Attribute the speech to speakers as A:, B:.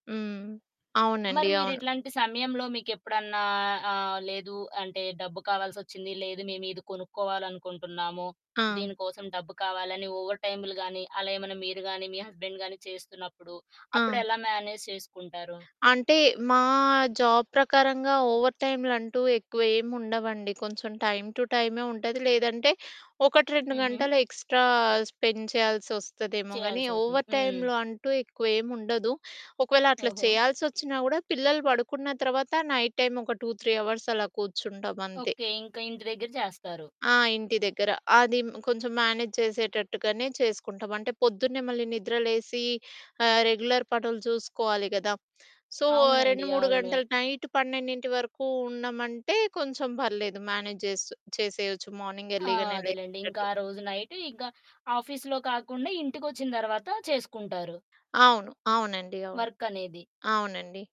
A: హ్మ్.
B: మరి
A: అవునండి. అవును.
B: మీరిట్లాంటి సమయంలో మీకెప్పుడన్నా ఆహ్, లేదు అంటే, డబ్బు కావాల్సొచ్చింది, లేదు మేమీది కొనుక్కోవాలనుకుంటున్నాము,
A: ఆ!
B: దీని కోసం డబ్బు కావాలని ఓవర్ టైములు గానీ, అలా ఏమన్నా మీరు గానీ, మీ హస్బెండ్ గానీ చేస్తున్నప్పుడు,
A: ఆ!
B: అప్పుడెలా మేనేజ్ చేసుకుంటారు?
A: అంటే, మా జాబ్ ప్రకారంగా ఓవర్ టైమ్‌లంటూ ఎక్కువ ఏముండవండి. కొంచెం టైమ్ టు టైమే ఉంటుంది, లేదంటే 1, 2
B: హుహు.
A: గంటలు ఎక్స్‌ట్రా స్పెండ్ చేయాల్సొస్తదేమో గానీ,
B: చెయ్యాల్సుంటుంది.
A: ఓవర్
B: హ్మ్.
A: టైమ్‌లో అంటూ ఎక్కువేముండదు. ఒకవేళట్లా
B: ఓహో!
A: చేయాల్సొచ్చినా గూడా పిల్లలు పడుకున్న తర్వాత నైట్ టైమ్ ఒక 2, 3 అవర్సలా కూర్చుంటామంతే.
B: ఓకే. ఇంక ఇంటి దగ్గర జేస్తారు.
A: ఆ! ఇంటి దగ్గర. అది హ్మ్, కొంచం మేనేజ్ చేసేటట్టుగానే చేసుకుంటాం. అంటే, పొద్దున్నే మళ్ళీ నిద్రలేసీ, ఆహ్, రెగ్యులర్ పనులు చూసుకోవాలి గదా! సో,
B: అవునండి.
A: 2, 3
B: అవునే.
A: గంటలు నైట్ పన్నెండింటి వరకూ ఉన్నమంటే కొంచెం పర్లేదు మేనేజ్ జేస్ చేసేయొచ్చు మార్నింగ్
B: ఆ!
A: ఎర్లీగానే
B: అదేలెండి. ఇంక
A: లేచేటట్టు.
B: ఆ రోజు నైటు ఇంక ఆఫీస్‌లో కాకుండా ఇంటికొచ్చిన తర్వాత చేసుకుంటారు.
A: అవును. అవునండి. అవును.
B: వర్కనేది.
A: అవునండి.